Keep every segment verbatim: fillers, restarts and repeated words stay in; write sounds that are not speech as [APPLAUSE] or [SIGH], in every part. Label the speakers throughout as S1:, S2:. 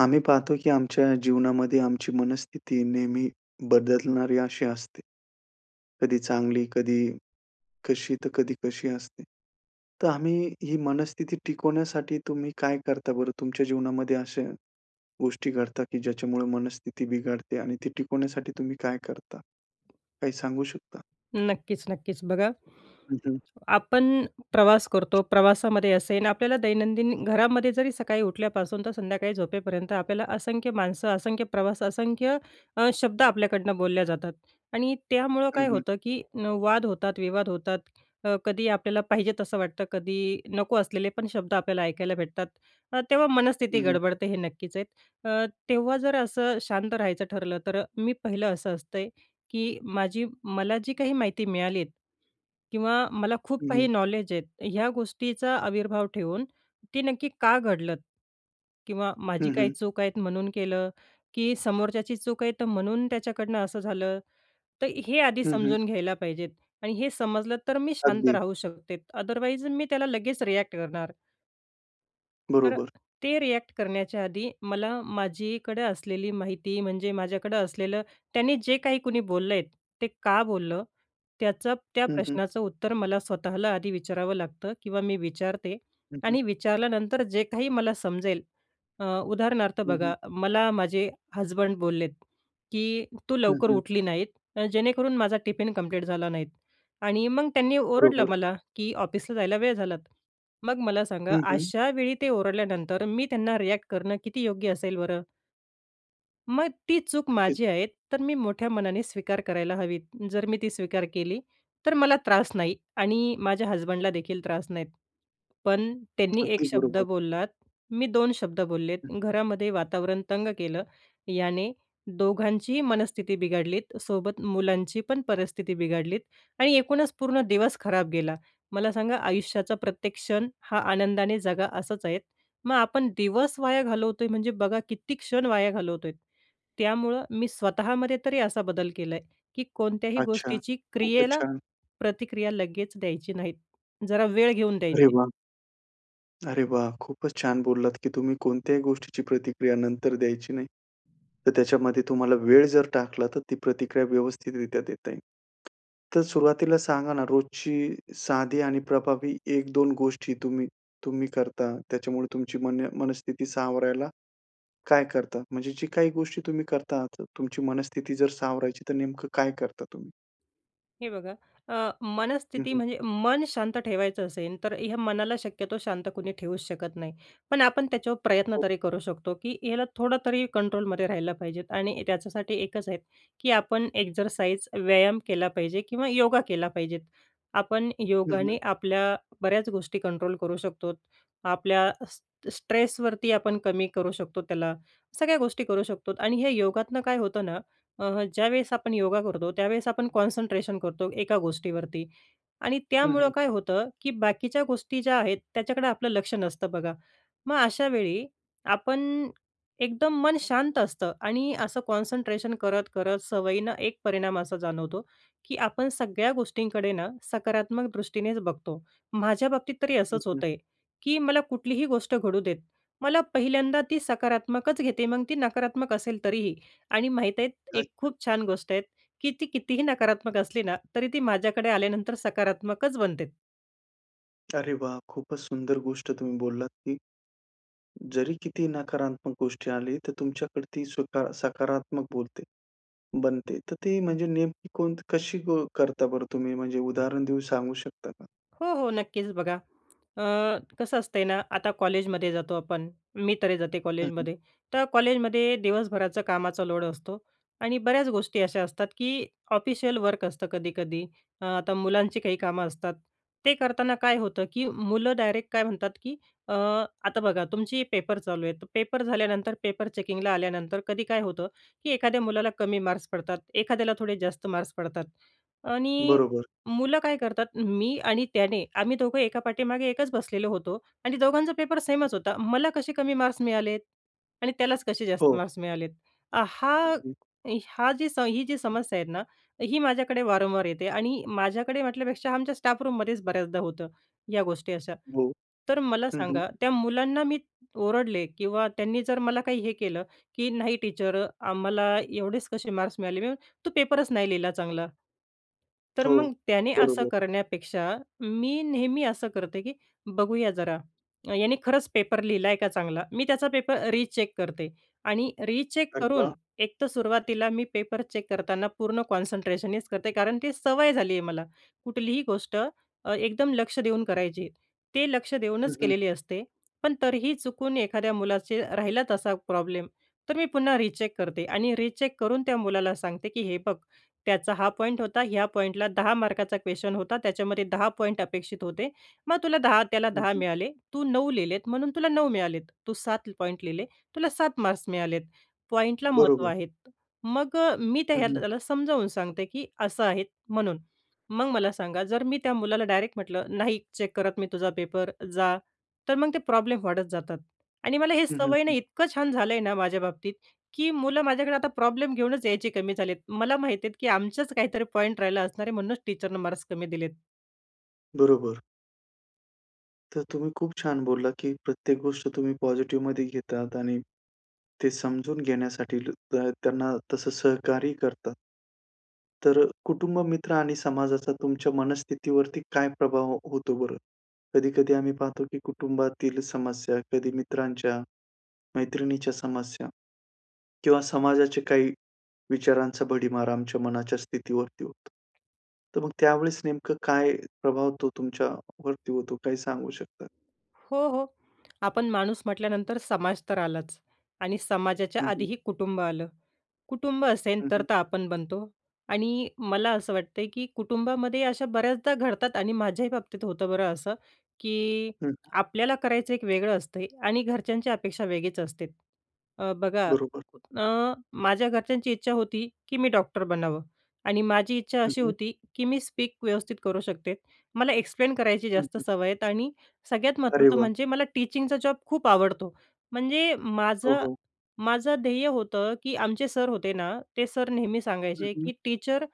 S1: आम्ही पाहतो की आमच्या जीवनामध्ये आमची मनस्थिती नेहमी बदलणारी अशी असते. कधी चांगली, कधी कशी, तर कधी कशी असते. तर आम्ही ही मनस्थिती टिकवण्यासाठी तुम्ही काय करता बरं? तुमच्या जीवनामध्ये अशा गोष्टी घडतात की ज्याच्यामुळे मनस्थिती बिघडते आणि ती टिकवण्यासाठी तुम्ही काय करता? काही सांगू शकता?
S2: नक्कीच, नक्कीच बघा.
S1: हं, हं.
S2: आपण प्रवास करतो, प्रवासामध्ये असेल आपल्याला दैनंदिन घरामध्ये जरी सकाळी उठल्यापासून ते संध्याकाळी झोपेपर्यंत आपल्याला असंख्य माणसं, असंख्य प्रवास, असंख्य अ, शब्द आपल्याकडनं बोलल्या जातात. आणि त्यामुळं
S1: हं,
S2: काय
S1: हं.
S2: होतं की न वाद होतात, विवाद होतात अ, कधी आपल्याला पाहिजे आहेत असं वाटतं, कधी नको असलेले पण शब्द आपल्याला ऐकायला भेटतात. अ, तेव्हा
S1: हं,
S2: मनःस्थिती
S1: हं.
S2: गडबडते हे नक्कीच आहेत. अ, तेव्हा जर असं शांत राहायचं ठरलं तर अ, मी पहिलं असं असते, की माझी मला जी काही माहिती मिळाली आहे किंवा मला खूप
S1: हं, हं.
S2: काही नॉलेज आहेत ह्या गोष्टीचा आविर्भाव ठेवून, ती नक्की का घडलं? किंवा माझी
S1: हं,
S2: काही
S1: हं.
S2: चूक आहेत म्हणून केलं? की समोरच्याची चूक आहे तर म्हणून त्याच्याकडनं असं झालं. तर हे आधी
S1: हं, हं.
S2: समजून घ्यायला पाहिजे आहेत. आणि हे समजलं तर मी शांत
S1: अगदी.
S2: राहू शकते, अदरवाईज मी त्याला लगेच रिएक्ट करणार. तर अ,
S1: बरोबर.
S2: ते रिएक्ट करण्याच्या आधी मला माझीकडे असलेली माहिती, म्हणजे माझ्याकडे असलेलं त्यांनी जे काही कोणी बोललेत ते का बोललं, त्याचं त्या
S1: हं, हं.
S2: प्रश्नाचं उत्तर मला स्वतःला आधी विचारावं लागतं किंवा मी विचारते.
S1: हं, हं.
S2: आणि विचारल्यानंतर जे काही मला समजेल, अ उदाहरणार्थ
S1: हं, हं.
S2: बघा, मला माझे हसबंड बोललेत की तू
S1: हं,
S2: लवकर
S1: हं.
S2: उठली नाहीत जेणेकरून माझा टिफिन कम्प्लीट झाला नाहीत आणि मग त्यांनी ओरडलं
S1: बरोबर.
S2: मला की ऑफिसला जायला वेळ झाला. मग मला सांगा,
S1: हं, हं.
S2: अशा वेळी ते ओरडल्यानंतर मी त्यांना रिएक्ट करणं किती योग्य असेल बरं? मग ती चूक
S1: ओके.
S2: माझी आहेत, तर मी मोठ्या मनाने स्वीकार करायला हवी. जर मी ती स्वीकार केली, तर मला त्रास नाही आणि माझ्या हसबंडला देखील त्रास नाही. पण त्यांनी एक
S1: अगदी
S2: शब्द
S1: बरोबर.
S2: बोललात, मी दोन शब्द बोललेत,
S1: हं.
S2: घरामध्ये वातावरण तंग केलं. याने दोघांचीही मनस्थिती बिघडली, सोबत मुलांची पण परिस्थिती बिघडली आणि एकूणच पूर्ण दिवस खराब गेला. मला सांगा, आयुष्याचा प्रत्येक क्षण हा आनंदाने जगा असंच आहे, मग आपण दिवस वाया घालवतोय, म्हणजे बघा किती क्षण वाया घालवतोय. त्यामुळे मी स्वतःमध्ये तरी असा बदल केलाय, की कोणत्याही
S1: अच्छा,
S2: गोष्टीची
S1: खूपच
S2: क्रियेला
S1: छान.
S2: प्रतिक्रिया लगेच द्यायची नाही, जरा वेळ घेऊन
S1: अरे
S2: द्यायची.
S1: वाह! अरे वाह! खूपच छान बोललात की तुम्ही कोणत्याही गोष्टीची प्रतिक्रिया नंतर द्यायची नाही. तर त्याच्यामध्ये तुम्हाला वेळ जर टाकला, तर ती प्रतिक्रिया व्यवस्थितरित्या देता येईल. तर सुरुवातीला सांगा ना, रोजची साधी आणि प्रभावी एक-दोन गोष्टी तुम्ही-तुम्ही करता, त्याच्यामुळे तुमची मन मनस्थिती सावरायला काय करता? म्हणजे जी काही गोष्टी तुम्ही करता, तुमची मनस्थिती जर सावरायची, तर नेमकं काय करता तुम्ही?
S2: हे बघा, अ,
S1: हं
S2: मनस्थिती
S1: हं.
S2: म्हणजे मन शांत ठेवायचं असेल तर ह्या मनाला शक्यतो शांत कुणी ठेवूच शकत नाही. पण आपण त्याच्यावर प्रयत्न
S1: [UNINTELLIGIBLE]
S2: तरी करू शकतो की याला थोडं तरी कंट्रोलमध्ये राहिला पाहिजे. आणि त्याच्यासाठी एकच आहे की आपण एक्झरसाइज, व्यायाम केला पाहिजे किंवा योगा केला पाहिजे. आपण
S1: हं
S2: योगाने
S1: हं.
S2: आपल्या बऱ्याच गोष्टी कंट्रोल करू शकतो, आपल्या स स्ट्रेसवरती आपण कमी करू शकतो, त्याला सगळ्या गोष्टी करू शकतो. आणि हे योगातनं काय होतं ना, अ, ज्या वेळेस आपण योगा करतो, त्या वेळेस आपण कॉन्सन्ट्रेशन करतो एका गोष्टीवरती आणि
S1: हं,
S2: त्यामुळे
S1: हं.
S2: काय होतं की बाकीच्या गोष्टी ज्या आहेत, त्याच्याकडे आपलं लक्ष नसतं बघा. मग अशा वेळी आपन एकदम मन शांत असतं आणि असं कॉन्सन्ट्रेशन करत-करत सवयीनं एक परिणाम असा जाणवतो की आपण सगळ्या गोष्टींकडे ना सकारात्मक दृष्टीनेच बघतो. माझ्या बाबतीत तरी
S1: हं,
S2: असंच
S1: हं.
S2: होतंय की मला कुठलीही गोष्ट घडू देत, मला पहिल्यांदा ती सकारात्मकच घेते, मग ती नकारात्मक असेल तरीही. आणि माहीत आहे, एक
S1: अच्छा.
S2: खूप छान गोष्ट आहे की ती कितीही नकारात्मक असली ना, तरी ती माझ्याकडे आल्यानंतर सकारात्मकच बनते.
S1: अरे वाह! खूपच सुंदर गोष्ट तुम्ही बोललात की जरी किती नकारात्मक गोष्ट आली, तर तुमच्याकडे ती सुद्धा सकारात्मक बोलते बनते. तर ती म्हणजे नेमकी कोणत कशी ब करता बरं तुम्ही? म्हणजे उदाहरण देऊन सांगू शकता का?
S2: हो, हो, नक्कीच बघा, अ, कसं असतंय ना? आता कॉलेजमध्ये जातो आपण, मी तरी जाते
S1: हं, हं.
S2: कॉलेजमध्ये. तर कॉलेजमध्ये दिवस भराचं कामाचा लोड असतो आणि बऱ्याच गोष्टी अशा असतात की ऑफिशियल वर्क असतं कधी-कधी. अ, आता मुलांची काही कामं असतात, ते करताना काय होतं की मुलं डायरेक्ट काय म्हणतात की अ, आता बघा तुमची पेपर चालू आहे, पेपर झाल्यानंतर पेपर चेकिंगला आल्यानंतर कधी काय होतं की एखाद्या मुलाला कमी मार्क्स पडतात, एखाद्याला थोडे जास्त मार्क्स पडतात आणि
S1: बरोबर.
S2: मुलं काय करतात, "मी आणि त्याने, आम्ही दोघं एका पाठीमागे एकच बसलेलो होतो आणि दोघांचा पेपर सेमच होता, मला कसे कमी मार्क्स मिळालेत आणि त्यालाच कसे जास्त
S1: हो.
S2: मार्क्स मिळालेत?" आ, हा
S1: अगदी.
S2: हा जी ही जी समस्या आहे ना, ही माझ्याकडे वारंवार येते आणि माझ्याकडे म्हटल्यापेक्षा आमच्या स्टाफ-रूममध्येच बऱ्याचदा होतं या गोष्टी अशा.
S1: हो,
S2: तर मला
S1: हं, हं.
S2: सांगा, त्या मुलांना मी ओरडले किंवा त्यांनी जर मला काही हे केलं की "नाही टीचर अ, आम्हाला एवढेच कसे मार्क्स मिळाले," मी [UNINTELLIGIBLE] "तू पेपरच नाही लिहिला चांगला." तर
S1: हो,
S2: मग त्याने असं
S1: बरोबर.
S2: करण्यापेक्षा मी नेहमी असं करते, की बघूया जरा, याने खरंच पेपर लिहिला आहे का चांगला. मी त्याचा पेपर रिचेक करते आणि रिचेक
S1: अरे
S2: करून
S1: वाह!
S2: एक तर सुरुवातीला मी पेपर चेक करताना पूर्ण कॉन्सन्ट्रेशनच करते, कारण ती सवय झाली आहे मला. कुठलीही गोष्ट अ, एकदम लक्ष देऊन करायची, ते लक्ष
S1: हं,
S2: देऊनच
S1: हं.
S2: केलेली असते. पण तरीही चुकून एखाद्या मुलाचं राहिला तसा प्रॉब्लेम, तर मी पुन्हा रिचेक करते आणि रिचेक करून त्या मुलाला सांगते की "हे बघ, त्याचा हा पॉइंट होता, ह्या पॉइंटला दहा मार्काचा क्वेश्चन होता, त्याच्यामध्ये दहा पॉइंट अपेक्षित होते. मग तुला दहा त्याला
S1: हं,
S2: दहा
S1: हं.
S2: मिळाले, तू नऊ लिहिलेत म्हणून तुला नऊ मिळालेत, तू सात पॉइंट लिहिले तुला सात मार्क्स मिळालेत. पॉइंटला महत्त्व
S1: बरोबर.
S2: आहे." मग अ, मी त्या
S1: हं,
S2: ह्यातलं
S1: हं.
S2: त्याला समजावून सांगते, की असं आहे म्हणून. मग मला सांगा, जर मी त्या मुलाला डायरेक्ट म्हटलं, "नाही चेक करत मी तुझा पेपर, जा." तर मग ते प्रॉब्लेम वाढत जातात आणि मला हे
S1: हं, हं,
S2: सवय ना
S1: हं.
S2: इतकं छान झालं आहे ना माझ्या बाबतीत की मुलं माझ्याकडे आता प्रॉब्लेम घेऊनच यायचे कमी झाले आहेत. मला माहिती आहे की आमचाच काहीतरी पॉइंट राहिला असणार आहे, म्हणूनच टीचरनं मार्क्स कमी दिलेत.
S1: बरोबर. तर तुम्ही खूप छान बोललात, की प्रत्येक गोष्ट तुम्ही पॉझिटिव्हमध्ये घेतात आणि ते समजून घेण्यासाठील त त्यांना तसं सहकार्य करतात. तर कुटुंब मित्र आणि समाजाचा तुमच्या मनस्थितीवरती काय प्रभाव हो होतो बरं? कधी-कधी आम्ही पाहतो, की कुटुंबातील समस्या कधी मित्रांच्या, मैत्रिणीच्या समस्या किंवा समाजाचे काही विचारांचा भडिमार आमच्या मनाच्या स्थितीवरती होतो. तर मग त्यावेळेस नेमकं काय प्रभाव तो तुमच्या वरती होतो काय सांगू शकता?
S2: हो, हो, आपण माणूस म्हटल्यानंतर समाज तर आलाच आणि समाजाच्या
S1: हं, हं.
S2: आधीही कुटुंब आलं. कुटुंब असेल,
S1: हं, हं.
S2: तर-तर आपण बनतो. आणि मला असं वाटतंय, की कुटुंबामध्ये अशा बऱ्याचदा घडतात आणि माझ्याही बाबतीत होतं बरं असं, की
S1: हं.
S2: आपल्याला करायचं एक वेगळं असतं आणि घरच्यांची अपेक्षा वेगळीच असते. अ, बघा अ,
S1: बरोबर.
S2: कुठण माझ्या घरच्यांची इच्छा होती, की मी डॉक्टर बनावं आणि माझी इच्छा
S1: हं,
S2: अशी
S1: हं.
S2: होती, की मी स्पीक व्यवस्थित करू शकते, मला एक्सप्लेन करायची
S1: हं,
S2: जास्त
S1: हं.
S2: सवय आहे. आणि सगळ्यात
S1: अरे
S2: महत्त्वाचं
S1: वाह!
S2: म्हणजे मला टीचिंगचा जॉब खूप आवडतो. म्हणजे
S1: हो, हो.
S2: माझं-माझं ध्येय होतं, की आमचे सर होते ना, ते सर नेहमी
S1: हं,
S2: सांगायचे,
S1: हं.
S2: की टीचर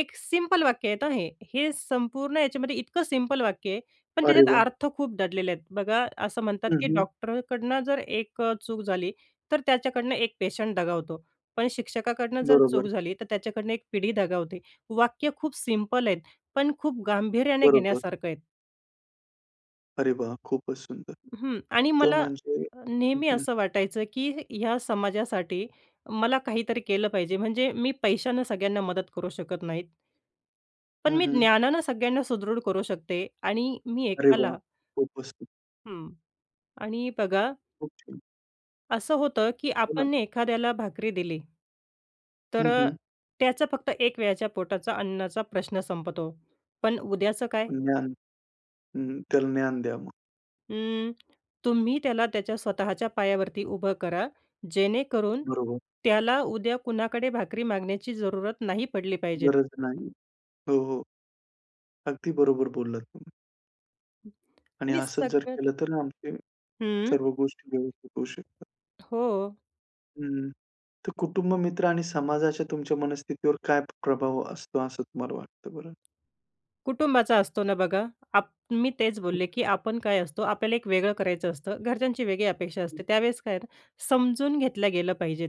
S2: एक सिम्पल वाक्य आहे हे संपूर्ण याच्यामध्ये, इतकं सिम्पल वाक्य आहे पण
S1: अरे
S2: त्याच्यात
S1: वाह!
S2: अर्थ खूप दडलेले आहेत. बघा, असं म्हणतात,
S1: हं,
S2: की
S1: हं.
S2: "डॉक्टरकडून जर एक चूक झाली, तर त्याच्याकडून एक पेशंट दगावतो, पण शिक्षकाकडून जर चूक
S1: बरोबर.
S2: झाली, तर त्याच्याकडून एक पिढी दगावते." वाक्य खूप सिम्पल आहे, पण खूप गांभीर्याने
S1: बरोबर.
S2: घेण्यासारखं आहे.
S1: अरे वाह! खूपच सुंदर.
S2: हं, आणि
S1: तर
S2: मला
S1: म्हणजे
S2: अ,
S1: हं,
S2: नेहमी
S1: हं.
S2: असं वाटायचं की ह्या समाजासाठी मला काहीतरी केलं पाहिजे म्हणजे मी पैशानं सगळ्यांना मदत करू शकत नाहीत. पण
S1: हं,
S2: मी
S1: हं.
S2: ज्ञानानं सगळ्यांना सुदृढ करू शकते आणि मी
S1: अरे वाह!
S2: एकाला
S1: खूपच सुंदर.
S2: हं आणि बघा
S1: ओके.
S2: असं होतं की
S1: बोला.
S2: आपणने एखाद्याला भाकरी दिली तर
S1: हं,
S2: अ,
S1: हं.
S2: त्याचं फक्त एक वेळच्या पोटाचा अन्नाचा प्रश्न संपतो. पण उद्याचं काय?
S1: ज्ञान हं. त्याला ज्ञान द्या मग.
S2: अं, तुम्ही त्याला त्याच्या स्वतःच्या पायावरती उभं करा, जेणेकरून
S1: बरोबर.
S2: त्याला उद्या कुणाकडे भाकरी मागण्याची जरुरत नाही पडली पाहिजे.
S1: गरज नाही. हो, हो. अगदी बरोबर बोललात तुम्ही. आणि
S2: आणि
S1: असंच जर
S2: सगळं
S1: केलं तर आमचे
S2: हं.
S1: सर्व गोष्टी व्यवस्थित होऊ शकतात.
S2: हो.
S1: हं. तर कुटुंब मित्र आणि समाजाच्या तुमच्या मनस्थितीवर काय प्रभाव असतो असं तुम्हाला वाटतं बरं?
S2: कुटुंबाचा असतो ना. बघा, आप मी तेच
S1: हं.
S2: बोलले, की आपण काय असतो, आपल्याला एक वेगळं करायचं असतं, घरच्यांची वेगळी अपेक्षा
S1: हं.
S2: असते. त्या वेळेस काय आहे, समजून घेतल्या गेल्या पाहिजेत,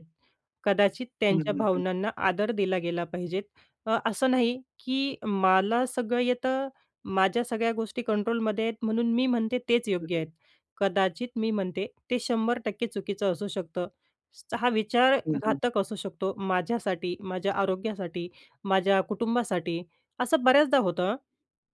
S2: कदाचित
S1: हं,
S2: त्यांच्या
S1: हं, हं.
S2: भावनांना आदर दिला गेला पाहिजेत. अ, असं नाही, की मला सगळं येतं, माझ्या सगळ्या गोष्टी कंट्रोलमध्ये आहेत म्हणून मी म्हणते तेच
S1: ठीक
S2: योग्य
S1: आहे.
S2: आहे. कदाचित मी म्हणते ते शंभर टक्के चुकीचं असू शकतं, [CLICKS TONGUE] हा विचार
S1: हं, हं.
S2: घातक असू शकतो माझ्यासाठी, माझ्या आरोग्यासाठी, माझ्या कुटुंबासाठी. असं बऱ्याचदा होतं,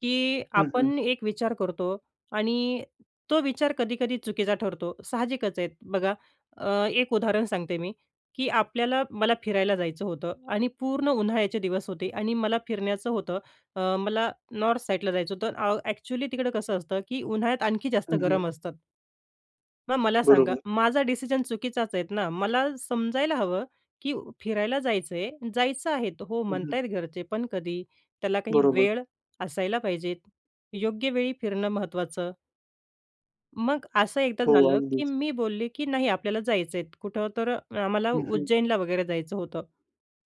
S2: की
S1: हं, हं.
S2: आपण एक विचार करतो आणि तो विचार कधी-कधी चुकीचा ठरतो, साहजिकच आहे. बघा, अ, एक उदाहरण सांगते मी, की आपल्याला, मला फिरायला जायचं होतं आणि पूर्ण उन्हाळ्याचे दिवस होते आणि मला फिरण्याचं होतं, अ, मला नॉर्थ साईडला जायचं होतं. अ, ॲक्चुअली तिकडं कसं असतं, की उन्हाळ्यात आणखी जास्त
S1: हं, हं.
S2: गरम असतात. मग मला सांगा,
S1: बरोबर.
S2: माझा डिसिजन चुकीचाच आहे ना? मला समजायला हवं, की फिरायला जायचं आहे, जायचं आहे हो
S1: हं,
S2: म्हणत
S1: हं.
S2: आहेत घरचे, पण कधी त्याला काही
S1: बरोबर.
S2: वेळ असायला पाहिजेत. योग्य वेळी फिरणं महत्त्वाचं. मग असं एकदा
S1: हो,
S2: झालं, की
S1: अगदीच.
S2: मी बोलले, की नाही, आपल्याला जायचंय कुठं? तर आम्हाला
S1: हं, हं.
S2: उज्जैनला वगैरे जायचं होतं.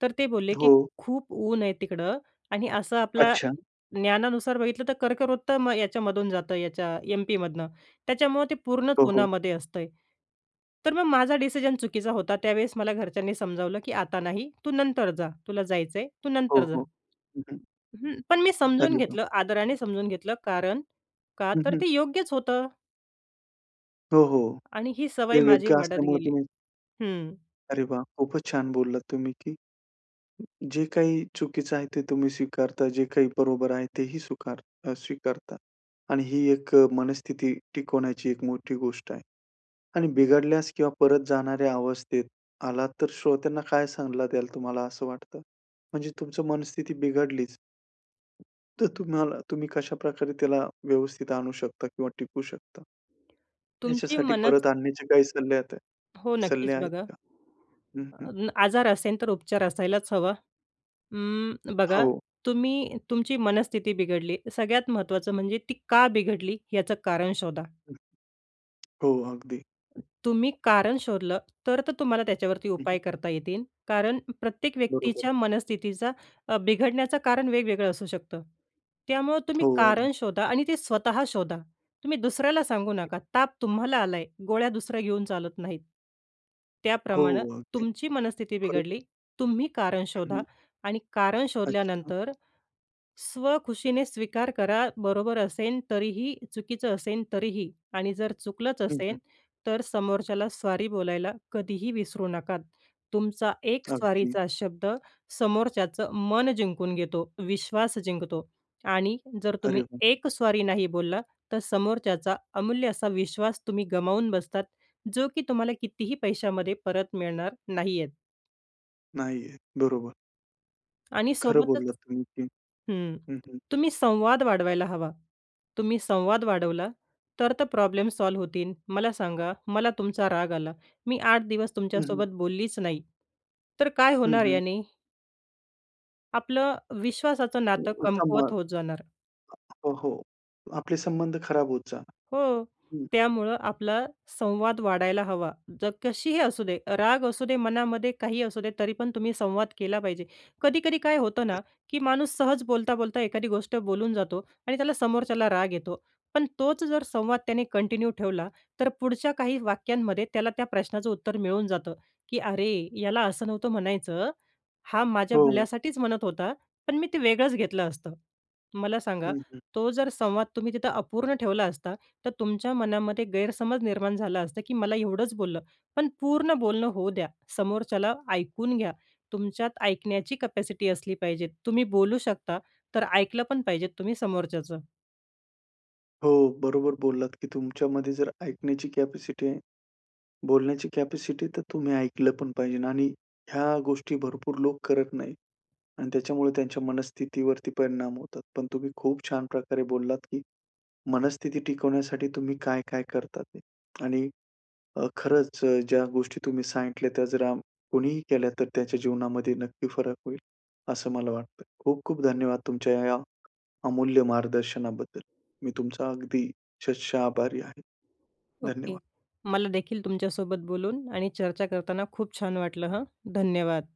S2: तर ते बोलले, की
S1: हो.
S2: "खूप ऊन आहे तिकडं" आणि असं आपल्या
S1: अच्छा.
S2: ज्ञानानुसार बघितलं, तर कर्कवृत्त मग याच्यामधून जातं, याच्या एम-पीमधून. त्याच्यामुळे ते पूर्ण
S1: हो, हो.
S2: उन्हामध्ये असतंय. तर मग माझा डिसिजन चुकीचा होता. त्यावेळेस मला घरच्यांनी समजावलं, की 'आता नाही, तू नंतर जा, तुला जायचं आहे, तू
S1: हो,
S2: नंतर जा.'
S1: हो. हं, हं.
S2: हं, पण मी समजून
S1: अरे वाह!
S2: घेतलं, आदराने समजून घेतलं कारण, का
S1: हं,
S2: तर
S1: हं.
S2: ते योग्यच होतं.
S1: हो, हो.
S2: आणि ही सवय
S1: हे
S2: माझी
S1: योग्य
S2: वाढत
S1: असल्यामुळे
S2: गेली.
S1: तुम्ही
S2: हं.
S1: अरे वाह! खूपच छान बोललात तुम्ही, की जे काही चुकीचं आहे ते तुम्ही स्वीकारता, जे काही बरोबर आहे ते ही स्वीकार स्वीकारता आणि ही एक मनस्थिती टिकवण्याची एक मोठी गोष्ट आहे. आणि बिघडल्यास किंवा परत जाणाऱ्या अवस्थेत आलात, तर श्रोत्यांना काय सल्ला द्याल तुम्हाला असं वाटतं? म्हणजे तुमची मनस्थिती बिघडलीच. तर तुम्हाला तुम्ही कशाप्रकारे त्याला व्यवस्थित आणू शकता किंवा टिकू शकता.
S2: तुमची
S1: याच्यासाठी
S2: मन
S1: परत आणण्याचे काही सल्ले आत
S2: हो, नक्कीच
S1: सल्ले आहेत
S2: बघा.
S1: का? हं,
S2: अ,
S1: हं.
S2: आजार असेल तर उपचार असायलाच हवा. अं, बघा
S1: हो.
S2: तुम्ही तुमची मनस्थिती बिघडली, सगळ्यात महत्त्वाचं म्हणजे ती का बिघडली याचं कारण शोधा.
S1: हं, हो अगदी.
S2: तुम्ही कारण शोधलं तर-तर तुम्हाला त्याच्यावरती
S1: हं,
S2: उपाय
S1: हं.
S2: करता येतील. कारण प्रत्येक
S1: बरोबर.
S2: व्यक्तीच्या मनस्थितीचा अ, बिघडण्याचं कारण वेगवेगळं असू शकतं. त्यामुळं तुम्ही
S1: हो, अगदी.
S2: कारण शोधा आणि ते स्वतः शोधा, तुम्ही दुसऱ्याला सांगू नका. ताप तुम्हाला आलाय, गोळ्या दुसऱ्या घेऊन चालत नाहीत,
S1: हो
S2: त्याप्रमाणं
S1: अगदी.
S2: तुमची मनस्थिती
S1: खरोखर.
S2: बिघडली, तुम्ही कारण
S1: हं,
S2: शोधा
S1: हं.
S2: आणि कारण
S1: अच्छा.
S2: शोधल्यानंतर स्वखुशीने स्वीकार करा, बरोबर असेल तरीही, चुकीचं असेल तरीही. आणि जर चुकलंच
S1: हं,
S2: असेल
S1: हं.
S2: तर समोरच्याला सॉरी बोलायला कधीही विसरू नका. तुमचा एक
S1: अगदी.
S2: सॉरीचा शब्द समोरच्याचं मन जिंकून घेतो, विश्वास जिंकतो. आणि जर
S1: अरे
S2: तुम्ही
S1: वा!
S2: एक सॉरी नाही बोललात, तर समोरच्याचा अमूल्य असा विश्वास तुम्ही गमावून बसतात, जो की तुम्हाला कितीही पैशामध्ये परत मिळणार नाही आहेत.
S1: नाहीये बरोबर.
S2: आणि
S1: खरं
S2: सोबतच
S1: बोललात तुम्ही ते.
S2: हं,
S1: हं, हं.
S2: तुम्ही संवाद वाढवायला हवा. तुम्ही संवाद वाढवला तर, तर, प्रॉब्लेम सॉल्व्ह होतील. मला सांगा, मला तुमचा राग आला. मी आठ दिवस
S1: हं, हं.
S2: तुमच्यासोबत बोललीच नाही, तर काय
S1: हं,
S2: होणार
S1: हं.
S2: याने? आपलं विश्वासाचं नातं
S1: सम
S2: कमकुवत होत
S1: हो,
S2: जाणार.
S1: हो, आपले संबंध खराब होत जाणार,
S2: हो,
S1: हं.
S2: त्यामुळे आपला संवाद वाढायला हवा. जर कशीही असू दे, राग असू दे मनामध्ये काहीही असू दे, तरीपण तुम्ही संवाद केला पाहिजे. कधी-कधी काय होतं ना
S1: अच्छ
S2: की माणूस सहज बोलता-बोलता एखादी गोष्ट बोलून जातो आणि त्याला समोरच्याला राग येतो. पण तोच जर संवाद त्याने कंटिन्यू ठेवला, तर पुढच्या काही वाक्यांमध्ये त्याला त्या प्रश्नाचं उत्तर मिळून जातं की "अरे, याला असं नव्हतं म्हणायचं, हा माझ्या
S1: हो.
S2: भल्यासाठीच म्हणत होता. पण मी ते वेगळंच घेतलं असतं." मला सांगा,
S1: हं, हं.
S2: तो जर संवाद तुम्ही तिथं अपूर्ण ठेवला असता, तर तुमच्या मनामध्ये गैरसमज निर्माण झाला असता की मला एवढंच बोललं. पण पूर्ण बोलणं होऊ द्या, समोरच्याला ऐकून घ्या. तुमच्यात ऐकण्याची कॅपॅसिटी असली पाहिजेत. तुम्ही बोलू शकता, तर ऐकलं पण पाहिजेत तुम्ही समोरच्याचं.
S1: हो, बरोबर बोललात की तुमच्यामध्ये जर ऐकण्याची कॅपॅसिटी आहे बोलण्याची कॅपॅसिटी, तर तुम्ही ऐकलं पण पाहिजे आणि ह्या गोष्टी भरपूर लोक करत नाहीत आणि त्याच्यामुळे त्यांच्या मनस्थितीवरती परिणाम होतात. पण तुम्ही खूप छान प्रकारे बोललात की मनस्थिती टिकवण्यासाठी तुम्ही काय-काय करता ते आणि अ, खरंच ज्या गोष्टी तुम्ही सांगितल्या, त्या जरा कोणीही केल्या, तर त्याच्या जीवनामध्ये नक्की फरक होईल, असं मला वाटतं. खूप-खूप धन्यवाद! तुमच्या ह्या ह्या अमूल्य मार्गदर्शनाबद्दल. मी तुमचा अगदी शतशः आभारी आहे.
S2: ओके.
S1: धन्यवाद!
S2: मला देखील तुमच्यासोबत बोलून आणि चर्चा करताना खूप छान वाटलं हं. धन्यवाद!